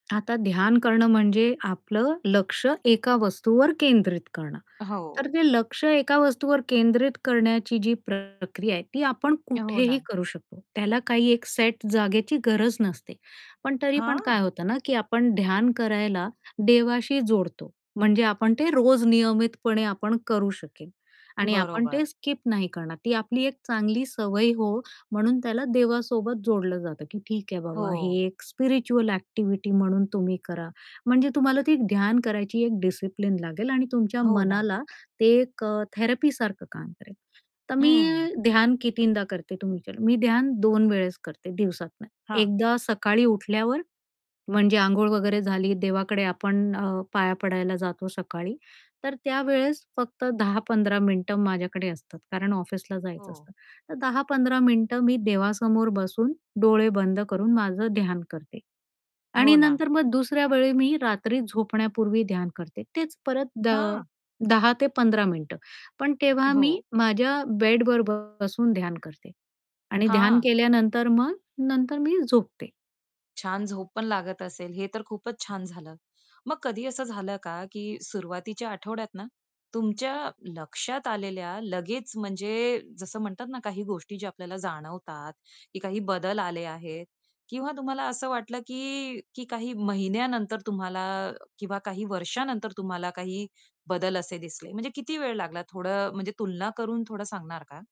आता ध्यान करणं म्हणजे, आपलं लक्ष्य एका वस्तूवर केंद्रित करणं. तर हो. ते लक्ष्य एका वस्तूवर केंद्रित करण्याची जी प्रक्रिया आहे, ती आपण हो कुठेही ना. करू शकतो. त्याला काही एक सेट जागेची गरज नसते. पण तरी पण काय हां. होतं ना, की आपण ध्यान करायला देवाशी जोडतो, म्हणजे आपण ते रोज नियमितपणे आपण करू शकेल. आणि आपण बरोबर. ते स्किप नाही करणार, ती आपली एक चांगली सवय हो, म्हणून त्याला देवासोबत जोडलं जातं, की ठीक आहे बाबा हे हो. एक स्पिरिच्युअल ॲक्टिव्हिटी म्हणून तुम्ही करा. म्हणजे तुम्हाला ती ध्यान करायची एक डिसिप्लिन लागेल आणि तुमच्या हो ना. मनाला ते एक अ, थेरपीसारखं काम करेल. तर हं. मी ध्यान कितीदा करते तुमच्या मी ध्यान 2 वेळेस करते दिवसातून, हां. एकदा सकाळी उठल्यावर म्हणजे अंघोळ वगैरे झाली देवाकडे आपण अ, पाया पडायला जातो सकाळी. तर त्यावेळेस फक्त 10-15 मिनिटं माझ्याकडे असतात, कारण ऑफिसला जायचं हो. असतं. तर 10-15 मिनिटं मी देवासमोर बसून, डोळे बंद करून, माझं ध्यान करते. हो आणि ना. नंतर मग दुसऱ्या वेळी मी रात्री झोपण्यापूर्वी ध्यान करते. तेच परत द अ, हां. 10 ते 15 मिनिटं, पण तेव्हा मी हो. माझ्या बेडवर बसून ध्यान करते. आणि ध्यान हां. केल्यानंतर मग नंतर मी झोपते. छान झोप पण लागत असेल, हे तर खूपच छान झालं. मग कधी असं झालं का, की सुरुवातीच्या आठवड्यात ना, तुमच्या लक्ष्यात आलेल्या लगेच म्हणजे जसं म्हणतात ना, काही गोष्टी ज्या आपल्याला जाणवतात, की काही बदल आले आहेत. किंवा तुम्हाला असं वाटलं, की काही महिन्यानंतर तुम्हाला किंवा काही वर्षानंतर तुम्हाला काही बदल असे दिसले म्हणजे किती वेळ लागला? थोडं म्हणजे तुलना करून थोडं सांगणार का?